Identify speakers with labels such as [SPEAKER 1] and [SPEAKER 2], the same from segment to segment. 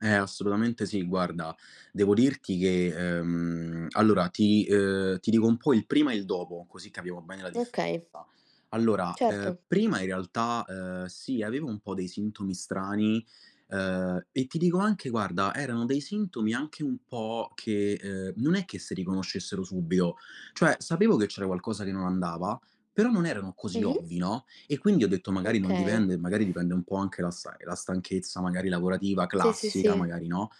[SPEAKER 1] Eh, assolutamente sì, guarda. Devo dirti che, ehm, allora ti uhm, ti dico un po' il prima e il dopo, così capiamo bene la differenza.
[SPEAKER 2] Okay.
[SPEAKER 1] Allora, uhm,
[SPEAKER 2] Certo.
[SPEAKER 1] prima in realtà, uhm, sì, avevo un po' dei sintomi strani, uhm, e ti dico anche, guarda, erano dei sintomi anche un po' che uhm, non è che se riconoscessero subito. Cioè sapevo che c'era qualcosa che non andava, però non erano così
[SPEAKER 2] Mh-mh.
[SPEAKER 1] ovvi, no, e quindi ho detto magari non
[SPEAKER 2] Okay.
[SPEAKER 1] dipende magari dipende un po' anche da sai la stanchezza magari lavorativa
[SPEAKER 2] Sì, sì,
[SPEAKER 1] classica,
[SPEAKER 2] sì.
[SPEAKER 1] magari no.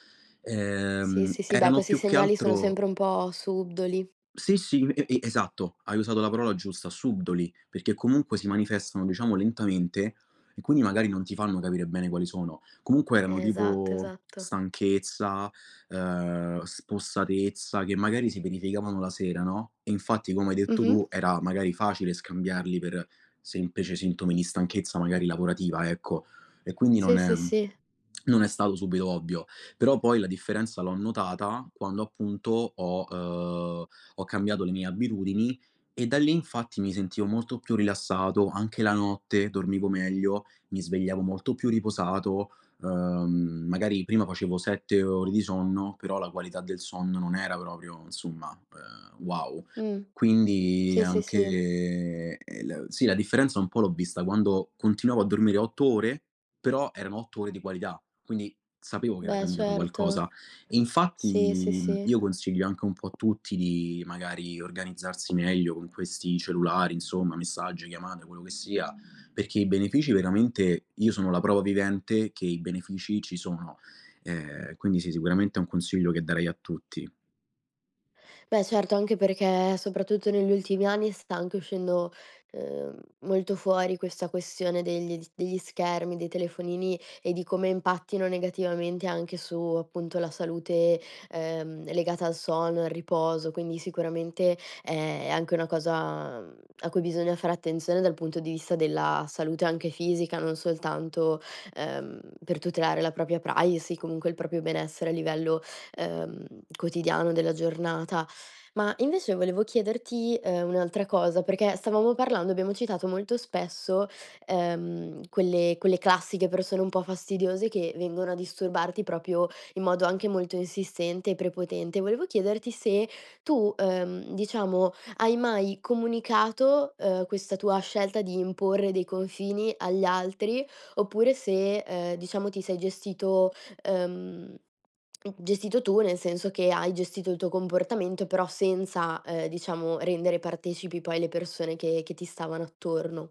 [SPEAKER 2] Sì,
[SPEAKER 1] Ehm,
[SPEAKER 2] sì, sì. Beh,
[SPEAKER 1] erano
[SPEAKER 2] questi
[SPEAKER 1] più che
[SPEAKER 2] segnali sono
[SPEAKER 1] altro
[SPEAKER 2] sempre un po' subdoli.
[SPEAKER 1] Sì, sì, e e esatto, hai usato la parola giusta, subdoli, perché comunque si manifestano diciamo lentamente e quindi magari non ti fanno capire bene quali sono. Comunque erano
[SPEAKER 2] Esatto,
[SPEAKER 1] tipo,
[SPEAKER 2] esatto.
[SPEAKER 1] stanchezza, uhm, spossatezza, che magari si verificavano la sera, no, infatti come hai detto
[SPEAKER 2] Mh-mh.
[SPEAKER 1] tu era magari facile scambiarli per semplici sintomi di stanchezza magari lavorativa, ecco. E quindi non
[SPEAKER 2] Sì,
[SPEAKER 1] è
[SPEAKER 2] sì, sì.
[SPEAKER 1] non è stato subito ovvio. Però poi la differenza l'ho notata quando appunto ho uhm, ho cambiato le mie abitudini e da lì infatti mi sentivo molto più rilassato, anche la notte dormivo meglio, mi svegliavo molto più riposato, uhm, magari prima facevo 7 ore di sonno, però la qualità del sonno non era proprio insomma, uhm, wow.
[SPEAKER 2] Mh.
[SPEAKER 1] Quindi
[SPEAKER 2] Sì, sì, sì.
[SPEAKER 1] anche, eh la sì la differenza un po' l'ho vista quando continuavo a dormire 8 ore, però erano 8 ore di qualità, quindi sapevo che era
[SPEAKER 2] Beh,
[SPEAKER 1] cambiato
[SPEAKER 2] certo.
[SPEAKER 1] qualcosa. Infatti,
[SPEAKER 2] Sì, sì, sì.
[SPEAKER 1] io consiglio anche un po' a tutti di magari organizzarsi meglio con questi cellulari insomma, messaggi, chiamate, quello che sia, perché i benefici veramente io sono la prova vivente che i benefici ci sono. Eh, quindi sì, sicuramente è un consiglio che darei a tutti.
[SPEAKER 2] Beh, certo, anche perché soprattutto negli ultimi anni sta anche uscendo, uhm, molto fuori questa questione degli s degli schermi, dei telefonini e di come impattino negativamente anche su appunto la salute, ehm, legata al sonno, al riposo. Quindi sicuramente, è anche una cosa, mhmm, a cui bisogna fare attenzione dal punto di vista della salute anche fisica, non soltanto, ehm, per tutelare la propria privacy, comunque il proprio benessere a livello, ehm, quotidiano della giornata. Ma invece volevo chiederti, ehm, un'altra cosa perché stavamo parlando, abbiamo citato molto spesso, ehm, quelle quelle classiche persone un po' fastidiose che vengono a disturbarti proprio in modo anche molto insistente e prepotente. Volevo chiederti se tu, uhm, diciamo, hai mai comunicato, uhm, questa tua scelta di imporre dei confini agli altri oppure se, ehm, diciamo, ti sei gestito ehm, gestito tu, nel senso che hai gestito il tuo comportamento però senza, ehm, diciamo rendere partecipi poi le persone che che ti stavano attorno?